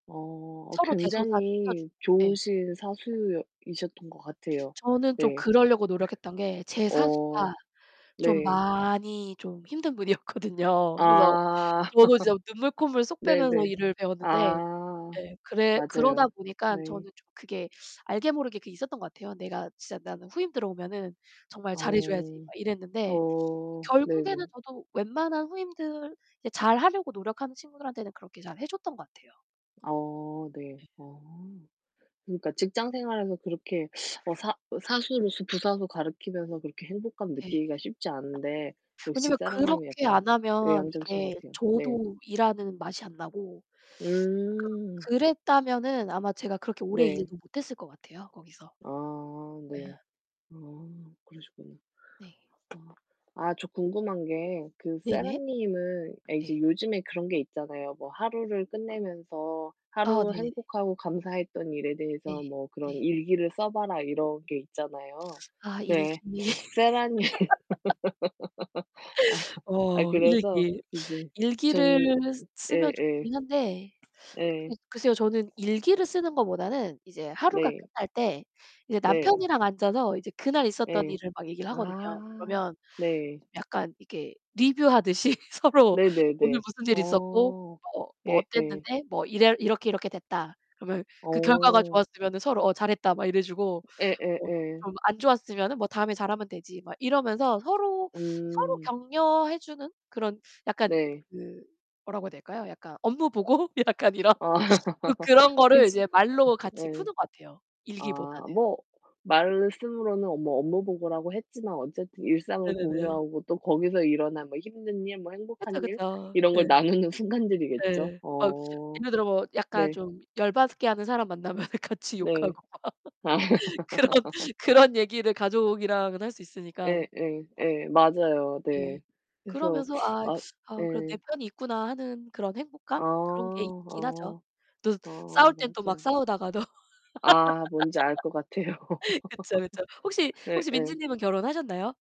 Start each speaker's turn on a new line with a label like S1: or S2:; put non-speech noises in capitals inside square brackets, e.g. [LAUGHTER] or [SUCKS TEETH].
S1: 어 어
S2: 서로 대소사
S1: 굉장히
S2: 챙겨주고 예.
S1: 좋으신 사수였 이셨던 것 같아요.
S2: 저는 좀
S1: 네.
S2: 그러려고 노력했던 게
S1: [LAUGHS]
S2: 제 사수가
S1: 어
S2: 좀
S1: 네.
S2: 많이 좀 힘든 분이었거든요.
S1: 아.
S2: 그래서 저도 진짜 눈물
S1: [LAUGHS]
S2: 콧물 쏙 빼면서
S1: 네네.
S2: 일을 배웠는데
S1: 아
S2: 예, 그래 그러다
S1: 맞아요.
S2: 보니까
S1: 네.
S2: 저는 좀 그게 알게 모르게 그게 있었던 것 같아요. '내가 진짜 나는 후임 들어오면은 정말 잘해 줘야지.'
S1: 어.
S2: 막 이랬는데
S1: 어.
S2: 결국에는
S1: 네네.
S2: 저도 웬만한 후임들 이제 잘하려고 노력하는 친구들한테는 그렇게 잘해 줬던 것 같아요.
S1: 어 네.
S2: 네.
S1: 아. 그러니까 직장 생활에서 그렇게 [SUCKS TEETH] 어 사 사수로서 부사수 가르치면서 그렇게 행복감을
S2: 네.
S1: 느끼기가 쉽지 않은데 역시
S2: 왜냐하면
S1: 세라 님이
S2: 그렇게
S1: 약간
S2: 안 하면
S1: 외향적이신
S2: 이게
S1: 것 같아요. 네.
S2: 저도 일하는 맛이 안 나고 [SUCKS TEETH] 그
S1: 음.
S2: 그랬다면은 아마 제가 그렇게 오래 일을
S1: 네.
S2: 못했을 것 같아요 거기서.
S1: 아
S2: 네.
S1: 네. 아 그러시구나.
S2: 네.
S1: 아. 아 저 궁금한 게 그 세라
S2: 네네.
S1: 님은 예 이제
S2: 네.
S1: 요즘에 그런 게 있잖아요. "뭐 하루를 끝내면서
S2: 아
S1: 하루
S2: 네네네.
S1: 행복하고 감사했던 일에
S2: 네.
S1: 대해서 뭐 그런
S2: 네.
S1: 일기를 써 봐라." 이런 게 있잖아요.
S2: 아, 일기.
S1: 네. 세라 님은
S2: [LAUGHS]
S1: [LAUGHS] 아. 아
S2: 어
S1: 그래서
S2: 일기.
S1: 이제
S2: 일기를
S1: 저는
S2: 쓰면
S1: 예예.
S2: 좋긴 한데
S1: 예.
S2: 예 글쎄요. 저는 일기를 쓰는 것보다는 이제 하루가
S1: 네.
S2: 끝날 때 이제
S1: 네.
S2: 남편이랑 앉아서 이제 그날 있었던
S1: 예.
S2: 일을 막 얘기를 하거든요.
S1: 아
S2: 그러면
S1: 네.
S2: 약간 이게 리뷰하듯이 서로 "오늘
S1: 네네네.
S2: 무슨 일 있었고
S1: 어.
S2: 뭐 뭐
S1: 예예.
S2: 어땠는데 뭐 이래 이렇게, 이렇게 됐다." 그러면 그 결과가
S1: 어.
S2: 좋았으면은 서로 어 "잘했다." 막 이래 주고 뭐
S1: 예예예.
S2: 좀 안 좋았으면은 뭐 "다음에 잘하면 되지." 막 이러면서 서로 서로
S1: 음.
S2: 격려해 주는 그런 약간
S1: 네.
S2: 그 뭐라고 해야 될까요? 약간 업무 보고? 약간 이런.
S1: 아
S2: 주로 그런
S1: [LAUGHS]
S2: 거를
S1: 그치
S2: 이제 말로
S1: [LAUGHS]
S2: 같이
S1: 예.
S2: 푸는 것 같아요 일기보다는.
S1: 아 뭐 말씀으로는 뭐 업무 보고라고 했지만 어쨌든 일상을
S2: 네네네.
S1: 공유하고 또 거기서 일어난 뭐 힘든 일, 뭐
S2: 그쵸,
S1: 행복한 일,
S2: 그쵸.
S1: 이런 걸
S2: 네.
S1: 나누는 순간들이겠죠.
S2: 네, 뭐
S1: 어.
S2: 예를 들어 뭐 약간
S1: 네.
S2: 좀 열받게 하는 사람 만나면 같이 욕하고
S1: 네.
S2: 막
S1: 아.
S2: 그런
S1: [LAUGHS]
S2: 그런 얘기를 가족이랑은 할 수 있으니까.
S1: 예 예 예, 맞아요.
S2: 네.
S1: 네. 그래서
S2: 그러면서
S1: [SUCKS TEETH]
S2: 아
S1: 아
S2: '아 그래도 내
S1: 네.
S2: 편이 있구나.' 하는 그런
S1: 아
S2: 행복감? 그런 게 있긴 하죠.
S1: 아
S2: 또
S1: 아.
S2: 싸울 땐 또 막
S1: 맞아요.
S2: 싸우다가도
S1: 아 뭔지 알 것 같아요.
S2: [LAUGHS] 그쵸, 그쵸.
S1: [LAUGHS]
S2: 혹시 혹시 민지
S1: 예예.
S2: 님은 결혼하셨나요?